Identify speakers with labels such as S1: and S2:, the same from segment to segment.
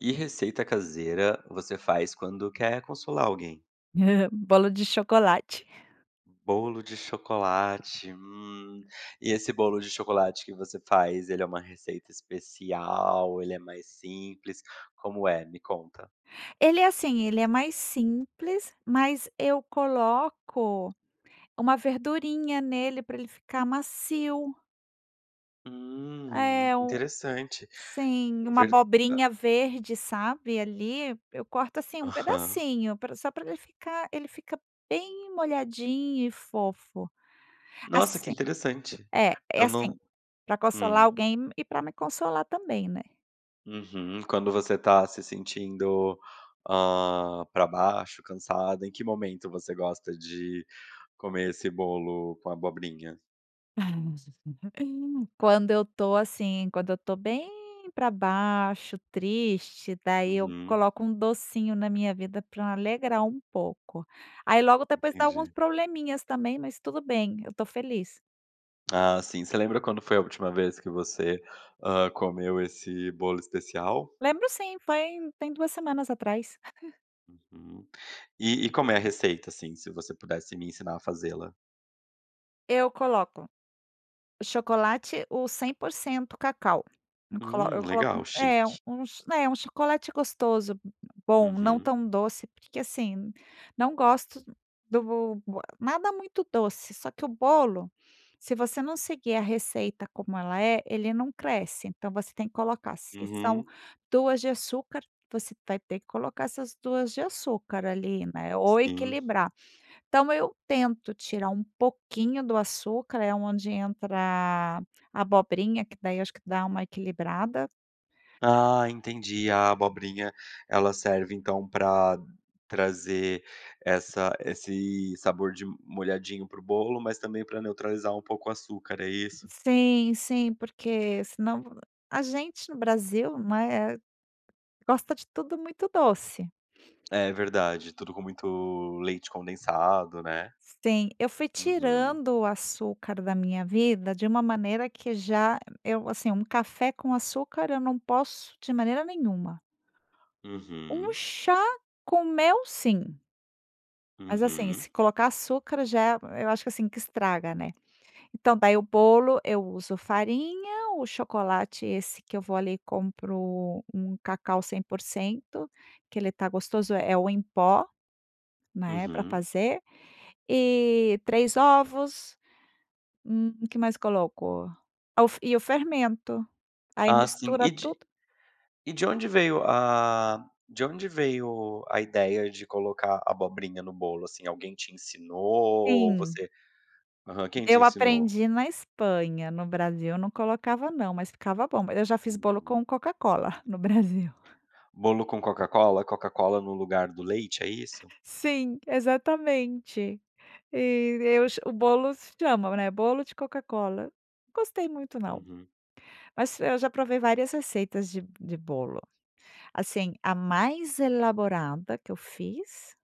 S1: Que receita caseira você faz quando quer consolar alguém?
S2: Bolo de chocolate.
S1: Bolo de chocolate, hum. E esse bolo de chocolate que você faz ele é uma receita especial, ele é mais simples, como é? Me conta.
S2: Ele é assim, ele é mais simples, mas eu coloco uma verdurinha nele, pra ele ficar macio.
S1: Hum,
S2: É, o
S1: interessante.
S2: sim, uma
S1: Verd a
S2: abobrinha verde, sabe, ali. Eu corto assim um
S1: Aham.
S2: pedacinho pra só pra ele ficar ele ficar bem molhadinho e fofo.
S1: Nossa, que
S2: Assi
S1: interessante!
S2: é, é
S1: Eu
S2: assim,
S1: não
S2: pra consolar
S1: hum.
S2: alguém e pra me consolar também, né.
S1: Uhum, quando você está se sentindo, hã, pra baixo, cansada, em que momento você gosta de comer esse bolo com abobrinha?
S2: Quando eu estou assim, quando eu estou bem pra baixo, triste, daí eu
S1: Uhum.
S2: coloco um docinho na minha vida pra alegrar um pouco. Aí logo depois dá alguns
S1: Entendi.
S2: probleminhas também, mas tudo bem, eu tô feliz.
S1: Ah, sim. Você lembra quando foi a última vez, que você, hã, comeu esse bolo especial?
S2: Lembro sim, foi tem 2 semanas atrás.
S1: Uhum. E e como é a receita, assim, se você pudesse me ensinar a faze-la?
S2: Eu coloco, o chocolate o 100% cacau. Eu colo
S1: Hum.
S2: coloco
S1: Legal,
S2: um é
S1: chique.
S2: uns né, um chocolate gostoso, bom, não
S1: Uhum.
S2: tão doce, porque assim, não gosto do bo e nada muito doce, só que o bolo, se você não seguir a receita como ela é, ele não cresce, então você tem que colocar se são
S1: Uhum.
S2: 2 de açúcar, você vai ter que colocar essas 2 de açúcar, ali, né, ou
S1: Sim.
S2: equilibrar. Então eu tento tirar um pouquinho do açúcar, é onde entra a abobrinha que daí acho que dá uma equilibrada.
S1: Ah entendi. A abobrinha ela serve então, pra trazer essa esse sabor de molhadinho pro bolo, mas também pra neutralizar um pouco o açúcar, é isso?
S2: Sim, sim, porque senão, a gente no Brasil, né, gosta de tudo muito doce.
S1: É verdade, tudo com muito leite condensado, né?
S2: Sim, eu fui
S1: Uhum.
S2: tirando o açúcar da minha vida de uma maneira que já eu assim um café com açúcar eu não posso de maneira nenhuma. Um
S1: Uhum.
S2: chá com mel sim. Mas assim,
S1: Uhum.
S2: se colocar açúcar já eu acho que, assim, que estraga, né. Então, daí o bolo, eu uso farinha, o chocolate esse que eu vou ali compro um cacau 100%, que ele tá gostoso é é o em pó, né, pra
S1: Uhum.
S2: fazer. E, 3 ovos. Hum. O que mais coloco? Ah o f e o fermento. Aí
S1: Ah sim. E
S2: mistura
S1: de
S2: tudo.
S1: e de onde veio, ah, de onde veio a ideia de colocar abobrinha no bolo, assim? Alguém te ensinou ou
S2: Sim.
S1: você aham, quem te
S2: Eu
S1: ensinou?
S2: aprendi na Espanha, no Brasil eu não colocava não, mas ficava bom. Mas eu já fiz bolo
S1: Uhum.
S2: com Coca Cola, no Brasil.
S1: Bolo com Coca Cola, Coca Cola no lugar do leite, é isso?
S2: Sim, exatamente. E eu ch o bolos chamam, né. Bolo de Coca Cola, gostei muito não.
S1: Uhum.
S2: Mas eu já provei várias receitas de de bolo. Assim, a mais elaborada que eu fiz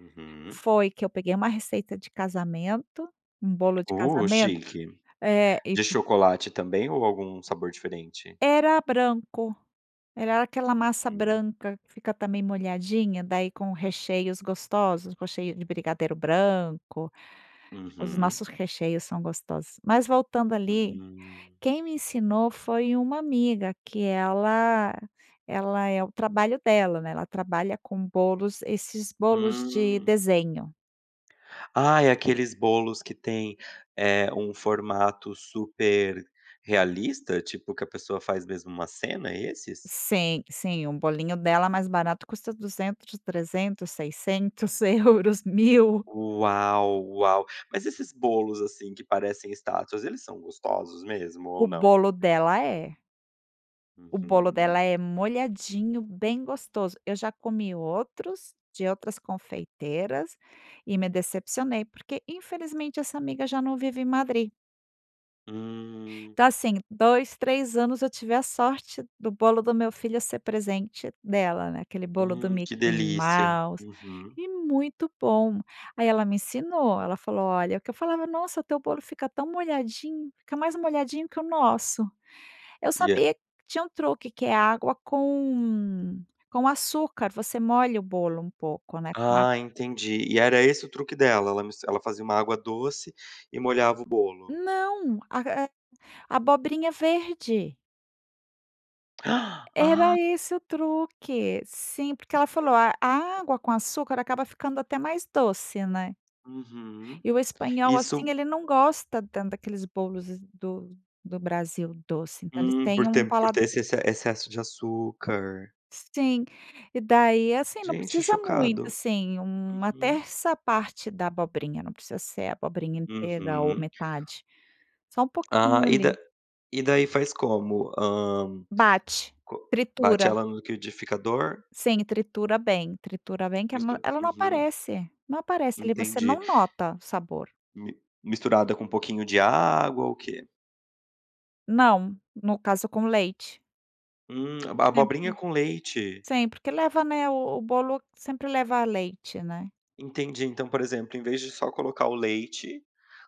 S1: Uhum.
S2: foi que eu peguei uma receita de casamento, um bolo de
S1: Oh,
S2: casamento,
S1: chique.
S2: é, e
S1: De
S2: c
S1: chocolate também ou algum sabor diferente?
S2: Era branco, era aquela massa
S1: Uhum.
S2: branca que fica também molhadinha, daí com recheios gostosos, recheio de brigadeiro branco. Os
S1: Uhum.
S2: nossos recheios são gostosos. Mas voltando ali,
S1: Hum.
S2: quem me ensinou foi uma amiga que ela ela é o trabalho dela, né, ela trabalha com bolos, esses bolos de
S1: Hum.
S2: desenho.
S1: Ah, é aqueles bolos que têm, eh, um formato super realista? Tipo que a pessoa faz mesmo uma cena, é esses?
S2: Sim, sim, um bolinho dela
S1: Hum.
S2: mais barato custa 200, 300, 600 euros, 1000.
S1: Uau, uau! Mas esses bolos, assim, que parecem estátuas eles são gostosos mesmo
S2: O
S1: ou não?
S2: bolo dela é. O bolo
S1: Uhum.
S2: dela é molhadinho, bem gostoso. Eu já comi outros, de outras confeiteiras, e me decepcionei, porque infelizmente essa amiga já não vive em Madrid.
S1: Hum.
S2: Tá assim, 2, 3 anos eu tive a sorte do bolo do meu filho ser presente dela, né, aquele bolo do
S1: Hum que
S2: Mickey
S1: delícia.
S2: Mouse,
S1: Uhum.
S2: e muito bom. Aí ela me ensinou, ela falou: "Olha" Que eu falava: "Nossa teu bolo fica tão molhadinho, fica mais molhadinho que o nosso." Eu
S1: E,
S2: sabia
S1: é
S2: tinha um truque que é água com com açúcar, você molha o bolo um pouco, né, com água
S1: Ah entendi. E era esse o truque dela? Ela mis ela fazia uma água doce e molhava o bolo.
S2: Não, a é abobrinha verde.
S1: Ah!
S2: Era esse o truque, sim, porque ela falou: "A água com açúcar acaba ficando até mais doce, né."
S1: Uhum.
S2: E o espanhol,
S1: Isso
S2: assim, ele não gosta tanto daqueles bolos do do Brasil doce. Então eles
S1: Hum
S2: tem
S1: por
S2: um
S1: ter por ter
S2: paladar
S1: esse exce excesso de açúcar.
S2: Sim, e daí, é assim, não
S1: Gente,
S2: precisa muito,
S1: chocado.
S2: assim, uma
S1: Uhum.
S2: terça parte da abobrinha. Não precisa ser a abobrinha inteira ou
S1: Uhum.
S2: metade. Só um
S1: Ah,
S2: pouquinho
S1: e da
S2: ali.
S1: e daí faz como? Hã
S2: Bate,
S1: co bate
S2: tritura.
S1: ela no liquidificador?
S2: Sim tritura bem tritura bem que a ma
S1: Mistura
S2: ela não
S1: uhum.
S2: aparece, não aparece ali, você
S1: Entendi.
S2: não nota o sabor.
S1: Mi misturada com um pouquinho de água? Ou o quê?
S2: Não. No caso, com leite.
S1: Hum. Aba
S2: É
S1: abobrinha
S2: bom.
S1: com leite.
S2: Sim, porque leva, né o o bolo sempre leva leite, né?
S1: Entendi. Então, por exemplo, em vez de só colocar o leite,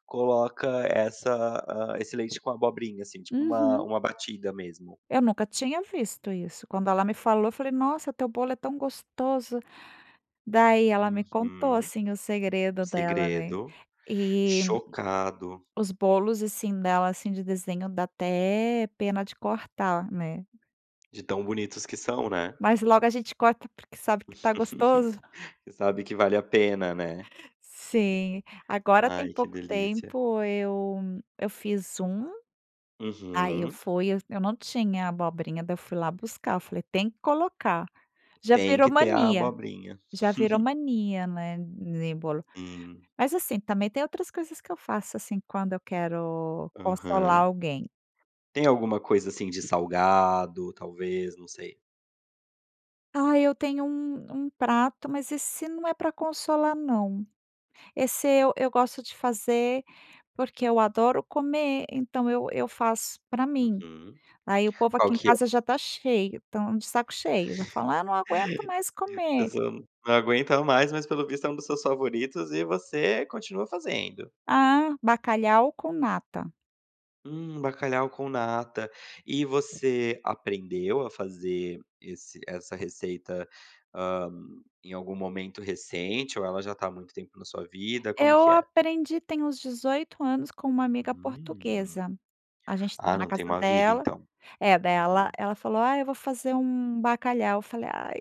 S1: coloca essa hã, esse leite com abobrinha assim, tipo uma
S2: Uhum.
S1: uma batida mesmo?
S2: Eu nunca tinha visto isso. Quando ela me falou, eu falei: "Nossa, teu bolo é tão gostoso". Daí ela me contou
S1: Uhum.
S2: assim o
S1: O
S2: segredo dela né.
S1: segredo.
S2: E
S1: Chocado!
S2: os bolos, assim, dela, assim, de desenho, dá até pena de cortar, né.
S1: De tão bonitos que são, né?
S2: Mas logo a gente corta porque sabe que tá
S1: Você
S2: gostoso.
S1: sabe que vale a pena, né?
S2: Sim. Agora tem
S1: Ai, que
S2: pouco
S1: delícia.
S2: tempo eu eu fiz um. Aí eu
S1: Uhum.
S2: fui eu eu não tinha abobrinha. Daí eu fui lá buscar. Eu falei: "Tem que colocar". Já
S1: Tem
S2: virou
S1: que ter a
S2: mania
S1: abobrinha.
S2: já virou mania né, em bolo.
S1: Hum.
S2: Mas, assim, também tem outras coisas que eu faço assim quando eu quero consolar
S1: Aham.
S2: alguém.
S1: Tem alguma coisa assim de salgado, talvez? Não sei.
S2: Ah, eu tenho um um prato, mas esse não é pra consolar não. Esse eu eu gosto de fazer porque eu adoro comer então, eu eu faço pra mim.
S1: Uhum,
S2: Aí o povo
S1: qual
S2: aqui em
S1: que é?
S2: casa já está cheio estão de saco cheio, já fala: “Ah não aguento mais comer”.
S1: Pessoal, n não aguenta mais, mas pelo visto é um dos seus favoritos e você continua fazendo.
S2: Ah, bacalhau com nata.
S1: Hum, bacalhau com nata. E você aprendeu a fazer esse essa receita, hã, em algum momento recente ou ela já tá, há muito tempo na sua vida? Como
S2: Eu
S1: que é?
S2: aprendi tem uns 18 anos com uma amiga
S1: Hum,
S2: portuguesa, a gente estava
S1: ah,
S2: na
S1: não tem
S2: casa
S1: uma vida,
S2: dela
S1: então.
S2: é, dai ela
S1: Uhum.
S2: ela falou: “Ah eu vou fazer um bacalhau”, eu falei: "Ai,"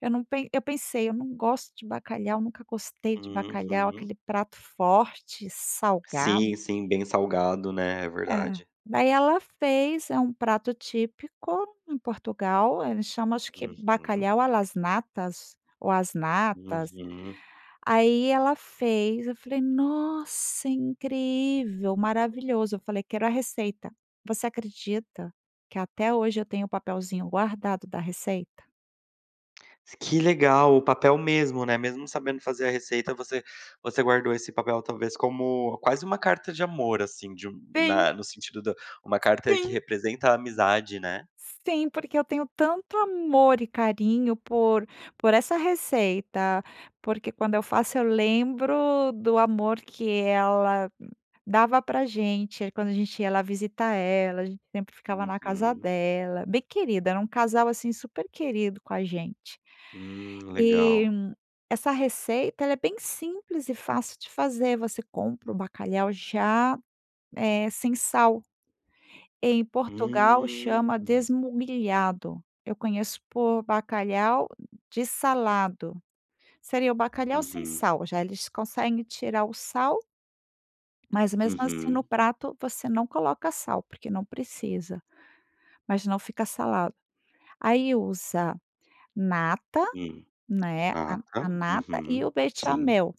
S2: eu não, pen eu pensei: “Ai eu não gosto de bacalhau, nunca gostei de bacalhau,
S1: Uhum.
S2: aquele prato forte, salgado”.
S1: Sim, sim. Bem salgado, né, é
S2: É,
S1: verdade.
S2: daí ela fez, é um prato típico em Portugal, ele chama acho que
S1: Uhum.
S2: bacalhau a las natas ou as natas,
S1: Uhum.
S2: aí ela fez eu falei: “Nossa incrível, maravilhoso”, eu falei: “Quero a receita” você acredita que até hoje eu tenho o papelzinho guardado da receita?
S1: Que legal, o papel mesmo, né? Mesmo sabendo fazer a receita, você você guardou esse papel, talvez como quase uma carta de amor, assim, de
S2: Sim.
S1: na no sentido da uma carta que
S2: Sim.
S1: representa a amizade, né?
S2: Sim, porque eu tenho tanto amor e carinho por por essa receita, porque quando eu faço eu lembro do amor que ela dava pra gente, aí quando a gente ia lá visitar ela, a gente sempre ficava na casa
S1: Uhum.
S2: dela. Bem querida, era um casal assim super querido com a gente.
S1: Hum,
S2: E,
S1: legal.
S2: essa receita, ela é bem simples e fácil de fazer, você compra o bacalhau já, eh, sem sal. Em Portugal chama,
S1: Hum.
S2: desmugliado eu conheço por bacalhau de salado. Seria o bacalhau sem
S1: Uhum.
S2: sal já, eles conseguem tirar o sal. Mas, mesmo assim, no
S1: Uhum.
S2: prato você não coloca sal porque não precisa. Mas não fica salgado. Aí usa, nata,
S1: Hum,
S2: né, a
S1: nata,
S2: a nata e
S1: uhum,
S2: o
S1: sim.
S2: bechamel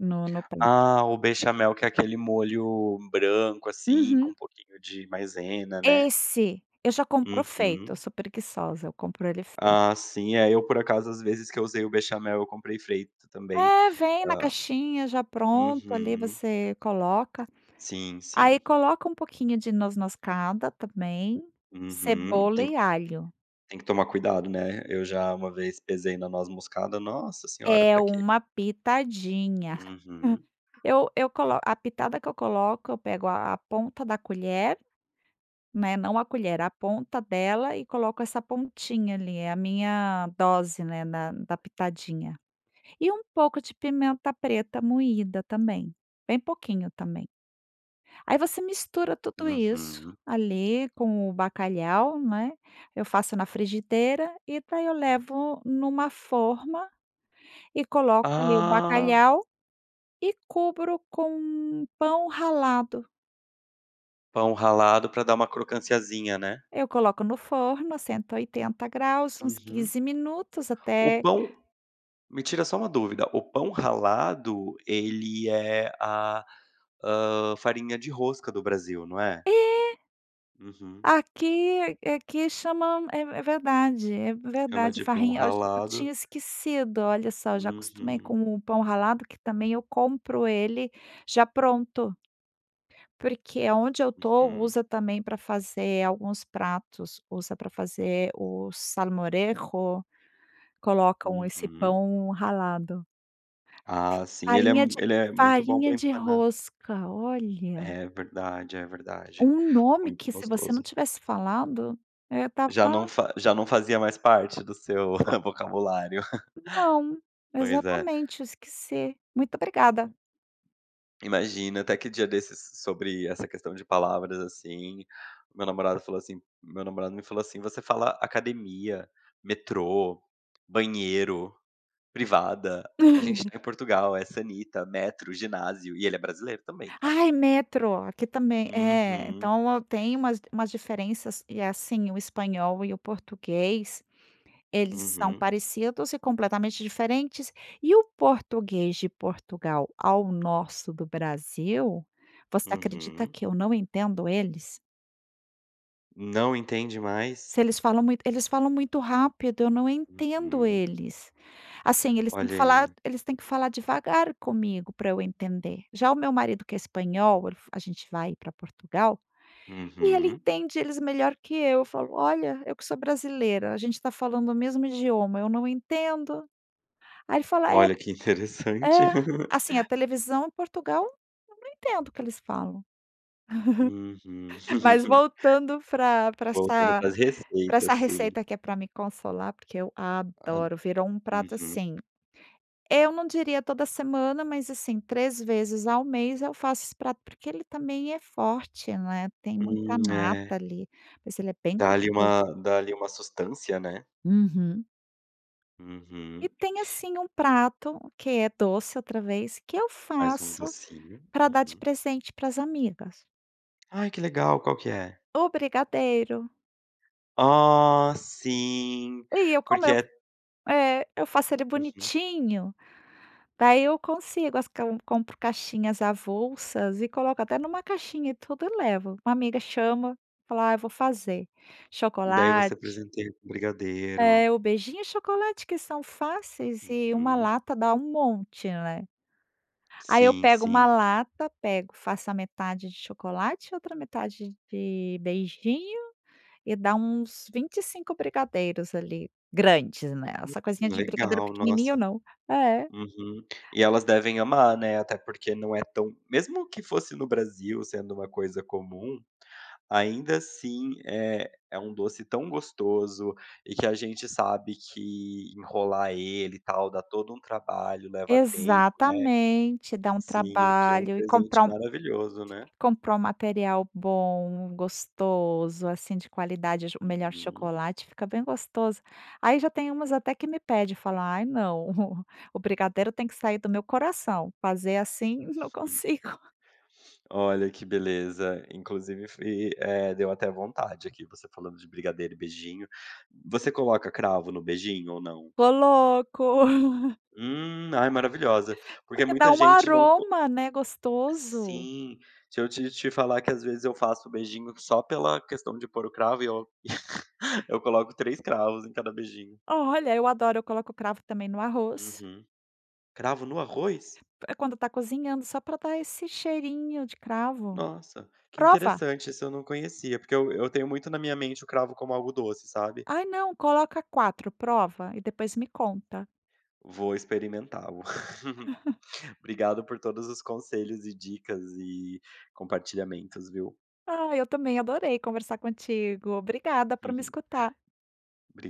S2: no no prato.
S1: Ah, o bechamel que é aquele molho branco, assim, com
S2: Uhum.
S1: um pouquinho de maisena, né?
S2: Esse, eu já compro feito, eu
S1: Uhum.
S2: sou preguiçosa, eu compro ele feito.
S1: Ah, sim, é eu por acaso às vezes que eu usei o bechamel eu comprei feito também.
S2: É, vem na
S1: Hã
S2: caixinha já pronto, ali
S1: Uhum.
S2: você coloca.
S1: Sim,
S2: Aí
S1: sim.
S2: coloca um pouquinho de noz-moscada também,
S1: Uhum.
S2: cebola
S1: Tem
S2: e
S1: que
S2: alho.
S1: tem que tomar cuidado, né? Eu já uma vez pesei na noz moscada, nossa senhora,
S2: É,
S1: pra quê.
S2: uma pitadinha.
S1: Uhum.
S2: Eu eu colo a pitada que eu coloco eu pego a a ponta da colher, né, não a colher, a ponta dela e coloco essa pontinha ali, é a minha dose, né, na da pitadinha. E um pouco de pimenta preta moída também, bem pouquinho também. Aí você mistura tudo isso,
S1: Uhum.
S2: ali com o bacalhau, né? Eu faço na frigideira, e daí eu levo numa forma, e coloco ali o
S1: Ah!
S2: bacalhau, e cubro com pão ralado.
S1: Pão ralado pra dar uma crocânciazinha, né?
S2: Eu coloco no forno a 180° uns
S1: Uhum.
S2: 15 minutos,
S1: O
S2: até
S1: pão. Me tira só uma dúvida? O pão ralado ele é a hã, farinha de rosca do Brasil, não é?
S2: É.
S1: Uhum.
S2: Aqui é aqui aqui chama, é é verdade, é
S1: Chama
S2: verdade,
S1: de pão
S2: farrinha, eu ach eu
S1: ralado.
S2: tinha esquecido, olha só. Eu já acostumei
S1: Uhum.
S2: com o pão ralado, que também eu compro ele já pronto. Porque aonde eu tô,
S1: Uhum.
S2: usa também para fazer alguns pratos. Usa para fazer o salmorejo. Colocam esse
S1: Uhum.
S2: pão ralado.
S1: Ah sim, ele é
S2: Farinha de
S1: m ele é muito bom
S2: farinha
S1: pra
S2: de
S1: empanar.
S2: rosca, olha!
S1: É verdade, é verdade!
S2: Um nome
S1: Muito
S2: que se você não
S1: gostoso.
S2: tivesse falado. Eh
S1: Já não
S2: estava
S1: fa já não fazia mais parte do seu vocabulário.
S2: Não.
S1: Pois é.
S2: Exatamente, eu esqueci. Muito obrigada!
S1: [unintelligible] Imagina até que dia desses sobre essa questão de palavras, assim. Meu namorado falou assim meu namorado me falou assim: "Você fala academia, metrô, banheiro, privada, a gente tá em Portugal, é sanita, metro, ginásio." E ele é brasileiro também, tá?
S2: Ai, metro! Aqui também É,
S1: Uhum.
S2: então eu tenho umas umas diferenças. E, assim, o espanhol e o português eles são
S1: Uhum.
S2: parecidos e completamente diferentes. E o português de Portugal ao nosso do Brasil, você acredita
S1: Uhum.
S2: que eu não entendo eles?
S1: Não entende mais?
S2: Se eles falam muito eles falam muito rápido eu não entendo
S1: Uhum.
S2: eles, assim, eles têm que
S1: Olha
S2: falar
S1: aí.
S2: eles têm que falar devagar comigo, para eu entender. Já o meu marido que é espanhol el a gente vai pra Portugal e ele
S1: Uhum.
S2: entende eles melhor que eu, eu falo: “Olha, eu que sou brasileira, a gente está falando o mesmo idioma, eu não entendo”, Aí ele fala é
S1: Olha que interessante.
S2: é assim a televisão Portugal eu não entendo o que eles falam.
S1: Uhumm
S2: Mas voltando pra pra
S1: voltando
S2: essa
S1: pras
S2: pra essa
S1: receitas, sim.
S2: receita que é pra me consolar, porque eu
S1: Hum,
S2: adoro, virou um prato,
S1: uhum.
S2: assim, eu não diria toda semana mas, assim, 3 vezes ao mês eu faço esse prato, porque ele também é forte, né, tem muita
S1: Hum é.
S2: nata ali, mas ele é bem
S1: Dá ali
S2: gostoso.
S1: uma dá ali uma sustância, né.
S2: Uhum.
S1: Uhum.
S2: E tem, assim, um prato que é doce outra vez, que eu
S1: Mais um
S2: faço
S1: docinho.
S2: para dar de
S1: Uhum.
S2: presente para as amigas.
S1: Ai que legal, qual que é?
S2: O brigadeiro.
S1: Ah sim
S2: E eu como
S1: porque
S2: eu
S1: é
S2: f é, eu faço ele
S1: Uhum.
S2: bonitinho, daí eu consigo as cai que eu compro caixinhas avulsas e coloco até numa caixinha e tudo eu levo, a amiga chama, eu falo: “Ah eu vou fazer."
S1: Daí você
S2: Chocolate
S1: presenteia com um brigadeiro.
S2: É, o beijinho e chocolate que são fáceis e uma
S1: Uhum.
S2: lata dá um monte, né. Aí eu
S1: Sim
S2: pego uma
S1: sim.
S2: lata, pego faço a metade de chocolate e outra metade de beijinho, e dá uns 25 brigadeiros ali, grandes, né,
S1: Hum.
S2: essa coisinha de brigadeiro
S1: Legal,
S2: pequenininho
S1: nossa.
S2: não É.
S1: Uhum, e elas devem amar, né, até porque não é tão mesmo que fosse no Brasil sendo uma coisa comum, ainda assim é é um doce tão gostoso, e que a gente sabe que enrolar ele, e tal, dá todo um trabalho leva tempo, né,
S2: Exatamente, dá um
S1: sim, que é um
S2: trabalho e compra
S1: presente
S2: um
S1: maravilhoso, né?
S2: compra um material bom, gostoso, assim, de qualidade, o ch o melhor
S1: Uhum.
S2: chocolate fica bem gostoso. Aí já tem umas até que me pede, eu falo: "Ai não, o brigadeiro tem que sair do meu coração, fazer assim não
S1: Hum.
S2: consigo."
S1: Olha que beleza inclusive fui eh, deu até vontade aqui, você falando de brigadeiro e beijinho, você coloca cravo no beijinho ou não?
S2: Coloco.
S1: Hum, ai maravilhosa, porque
S2: Porque dá
S1: muita
S2: um
S1: gente não co
S2: aroma, né, gostoso.
S1: sim se eu te te falar que às vezes eu faço o beijinho só pela questão de pôr o cravo e eu eu coloco 3 cravos em cada beijinho.
S2: Olha, eu adoro, eu coloco cravo também no arroz.
S1: Uhum, cravo no arroz?
S2: É quando está cozinhando, só pra dar esse cheirinho de cravo.
S1: Nossa, que
S2: Prova.
S1: interessante esse eu não conhecia, porque eu eu tenho muito na minha mente o cravo como algo doce, sabe?
S2: Ai não, coloca 4, prova, e depois me conta.
S1: Vou experimenta-lo. Obrigado por todos os conselhos e dicas e compartilhamentos, viu?
S2: Ah, eu também adorei conversar contigo, obrigada por me escutar.
S1: Obriga